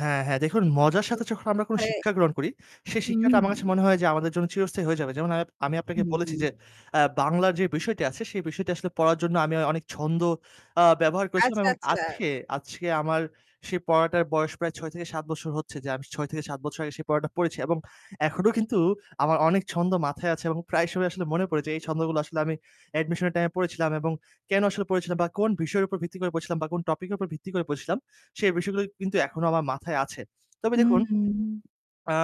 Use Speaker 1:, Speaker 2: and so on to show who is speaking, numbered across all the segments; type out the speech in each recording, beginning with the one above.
Speaker 1: হ্যাঁ, হ্যাঁ। দেখুন
Speaker 2: কিছু,
Speaker 1: মজার
Speaker 2: কিছু
Speaker 1: সাথে যখন আমরা
Speaker 2: মানে
Speaker 1: শিক্ষা গ্রহণ করি, সেই
Speaker 2: হু,
Speaker 1: শিক্ষাটা আমার কাছে
Speaker 2: হু।
Speaker 1: মনে হয় যে আমাদের জন্য চিরস্থায়ী হয়ে যাবে। যেমন আম আমি আপনাকে বলেছি
Speaker 2: হুম।
Speaker 1: যে অ্যা বাংলার যে বিষয়টি আছে সে বিষটি আসলে পড়ার জন্য আমি অনেক ছন্দ আ ব্যবহার করেছিলাম।
Speaker 2: আচ্ছা,
Speaker 1: এবং
Speaker 2: আচ্ছা।
Speaker 1: আজকে আজকে আমার সেই পড়াটার বয়স প্রায় ৬-৭ বছর হচ্ছে যে আমি ৬ থেকে ৭ বছর আগে সেই পড়াটা পড়েছি। এবং এখনো কিন্তু আমার অনেক ছন্দ মাথায় আছে এবং প্রায় সময়ই আসলে মনে পড়ে যে এই ছন্দগুলো আসলে আমি অ্যাডমিশন এর টাইম এ পড়েছিলাম। এবং কেন আসলে পড়েছিলাম বা কোন বিষয়ের উপর ভিত্তি করে পড়েছিলাম বা কোন টপিক এর উপর ভিত্তি করে পড়েছিলাম। সেই বিষয়গুলো কিন্তু এখনো আমার মাথায় আছে। তবে
Speaker 2: হুম,
Speaker 1: দেখুন
Speaker 2: হুম।
Speaker 1: আ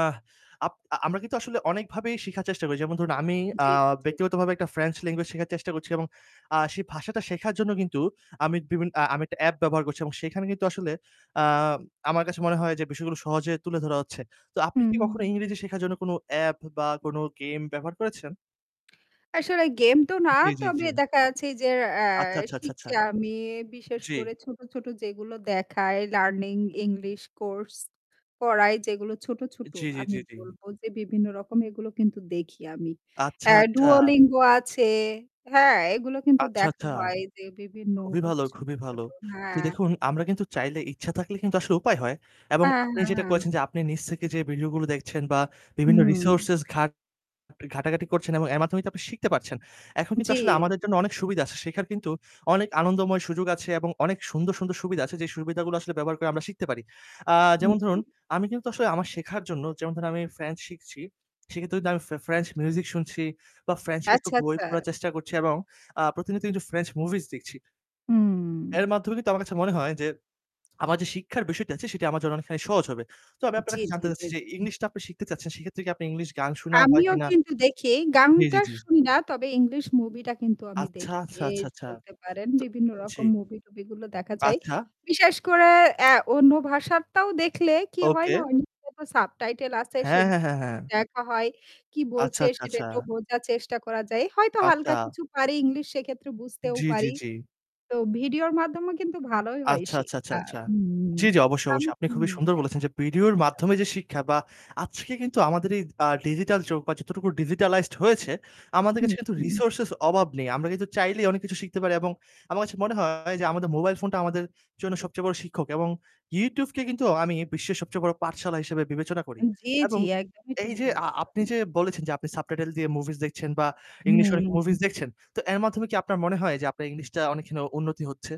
Speaker 1: আপ আ আমরা কিন্তু আসলে অনেকভাবেই শিখার চেষ্টা করি। যেমন ধরুন আমি আ
Speaker 2: জি, জি, জি।
Speaker 1: ব্যক্তিগতভাবে একটা ফ্রেঞ্চ ল্যাঙ্গুয়েজ শেখার চেষ্টা করছি এবং আ সেই ভাষাটা শেখার জন্য কিন্তু আমি বিভিন আ আমি একটা অ্যাপ ব্যবহার করছি। এবং সেখানে কিন্তু আসলে আ আমার কাছে মনে হয় যে বিষয়গুলো সহজে তুলে ধরা হচ্ছে। তো আপনি
Speaker 2: হুম।
Speaker 1: কি কখনো ইংরেজি শেখার জন্য কোন অ্যাপ বা কোন গেম ব্যবহার করেছেন?
Speaker 2: আসলে গেম তো না
Speaker 1: জি, জি,
Speaker 2: তবে
Speaker 1: জি।
Speaker 2: দেখা যাচ্ছে যের অ্যা
Speaker 1: আচ্ছা, আচ্ছা, আচ্ছা,
Speaker 2: শিখছি
Speaker 1: আচ্ছা।
Speaker 2: আমি বিশেষ
Speaker 1: জি।
Speaker 2: করে ছোট, ছোট যেগুলো দেখায় লার্নিং ইংলিশ কোর্স পড়ায় যেগুলো ছোট, ছোট
Speaker 1: জি, জি,
Speaker 2: আমি
Speaker 1: জি, জি।
Speaker 2: বলবো যে বিভিন্ন রকম এগুলো কিন্তু দেখি আমি।
Speaker 1: আচ্ছা,
Speaker 2: অ্যা
Speaker 1: আচ্ছা।
Speaker 2: Duolingo আছে হ্যাঁ? এগুলো কিন্তু
Speaker 1: আচ্ছা,
Speaker 2: দেখা
Speaker 1: আচ্ছা।
Speaker 2: হয় যে বিভিন্ন
Speaker 1: খুবই
Speaker 2: অ
Speaker 1: ভালো
Speaker 2: ছোট,
Speaker 1: খুবই ভালো।
Speaker 2: ছোট
Speaker 1: তো
Speaker 2: হ্যাঁ।
Speaker 1: দেখুন আমরা কিন্তু চাইলে ইচ্ছা থাকলে কিন্তু আসলে উপায় হয়। এবং
Speaker 2: হ্যাঁ,
Speaker 1: আপনি
Speaker 2: হ্যাঁ,
Speaker 1: যেটা
Speaker 2: হ্যাঁ।
Speaker 1: করেছেন যে আপনি নিজ থেকে যে ভিডিও গুলো দেখছেন বা বিভিন্ন
Speaker 2: হুম।
Speaker 1: রিসোর্সেস ঘাট ঘাটাঘাটি করছেন এবং এর মাধ্যমেই টয় আপনি শিখতে পারছেন। এখন কিন্তু আসলে
Speaker 2: জি।
Speaker 1: আমাদের জন্য অনেক সুবিধা আছে। শেখার কিন্তু অনেক আনন্দময় সুযোগ আছে এবং অনেক সুন্দর, সুন্দর সুবিধা আছে যে সুবিধাগুলো ব্যবহার করে আমরা শিখতে পারি। আ
Speaker 2: হুম,
Speaker 1: যেমন ধরুন
Speaker 2: জি।
Speaker 1: আমি কিন্তু আসলে আমার শেখার জন্য যেমন ধরুন আমি ফ্রেঞ্চ শিখছি, সেক্ষেত্রে দে আমি ফ্রে ফ্রেঞ্চ মিউজিক শুনছি বা ফ্রেঞ্চ কিছু
Speaker 2: আচ্ছা,
Speaker 1: বই
Speaker 2: আচ্ছা।
Speaker 1: পড়ার চেষ্টা করছি এবং আ প্রতিনিয়ত কিন্তু ফ্রেঞ্চ মুভিস দেখছি।
Speaker 2: হুম।
Speaker 1: এর মাধ্যমে কিন্তু আমার কাছে মনে হয় যে আমার যে শিক্ষার বিষয়টি আছে সেটা আমার জন্য অনেকখানি সহজ হবে। তো আমি আপনার
Speaker 2: জি,
Speaker 1: কাছে
Speaker 2: জি,
Speaker 1: জানতে
Speaker 2: জি,
Speaker 1: চাচ্ছি যে
Speaker 2: জি।
Speaker 1: ইংলিশটা আপনি শিখতে চাচ্ছেন সেক্ষেত্রে কি আপনার ইংলিশ গান শুনা হয়
Speaker 2: আমিও
Speaker 1: কিনা?
Speaker 2: কিন্তু দেখি
Speaker 1: জি,
Speaker 2: গানটা
Speaker 1: জি, জি।
Speaker 2: শুনি না তবে ইংলিশ মুভিটা কিন্তু আমি
Speaker 1: আচ্ছা,
Speaker 2: দেখি।
Speaker 1: আচ্ছা,
Speaker 2: বেশ
Speaker 1: আচ্ছা, আচ্ছা।
Speaker 2: বলতে পারেন
Speaker 1: টয়
Speaker 2: বিভিন্ন
Speaker 1: জি।
Speaker 2: রকম মুভি-টুভিগুলো দেখা যায়।
Speaker 1: আচ্ছা।
Speaker 2: বিশেষ করে অ্যা অন্য ভাষারটাও দেখলে কি হয়
Speaker 1: ওকে।
Speaker 2: না? ওই নিচে তো সাবটাইটেল আছে,
Speaker 1: হ্যাঁ,
Speaker 2: সেগুলো
Speaker 1: হ্যাঁ, হ্যাঁ, হ্যাঁ।
Speaker 2: দেখা হয়। কি
Speaker 1: আচ্ছা,
Speaker 2: বলছে
Speaker 1: আচ্ছা,
Speaker 2: সেটা
Speaker 1: আচ্ছা।
Speaker 2: একটু বোঝার চেষ্টা করা যায় হয়তো হালকা
Speaker 1: আচ্ছা।
Speaker 2: কিছু পারি ইংলিশ সেক্ষেত্রে বুঝতেও
Speaker 1: জি, জি,
Speaker 2: পারি।
Speaker 1: জি।
Speaker 2: তো ভিডিওর মাধ্যমেও কিন্তু ভালোই হয়
Speaker 1: আচ্ছা, আচ্ছা, আচ্ছা,
Speaker 2: শেখা।
Speaker 1: আচ্ছা, আচ্ছা।
Speaker 2: হু, হু।
Speaker 1: জি, জি অবশ্যই,
Speaker 2: আমি
Speaker 1: অবশ্যই। আপনি খুবই সুন্দর বলেছেন যে ভিডিওর
Speaker 2: [unintelligible]
Speaker 1: মাধ্যমে যে শিক্ষা বা আজকে কিন্তু আমাদের এই আ ডিজিটাল যুগ বা যতটুকু ডিজিটালাইজড হয়েছে, আমাদের কাছে কিন্তু
Speaker 2: [unintelligible]
Speaker 1: রিসোর্সেস অভাব নেই। আমরা কিন্তু চাইলেই অনেক কিছু শিখতে পারি এবং আমার কাছে মনে হয় যে আমাদের মোবাইল ফোনটা আমাদের জন্য সবচেয়ে বড় শিক্ষক এবং YouTube কে কিন্তু আমি বিশ্বের সবচে বড় পাঠশালা হিসেবে বিবেচনা করি।
Speaker 2: উম জি, জি।
Speaker 1: এবং
Speaker 2: একদমই ঠিক
Speaker 1: এই যে আ
Speaker 2: বলেছেন।
Speaker 1: আপনি যে বলেছেন যে আপনি সাবটাইটেল দিয়ে মুভিস দেখছেন বা ইংলিশ অনেক
Speaker 2: হু।
Speaker 1: মুভিস দেখছেন। তো এর মাধ্যমে কি আপনার মনে হয় যে আপনার ইংলিশটা অনেকখানি উন্নতি হচ্ছে?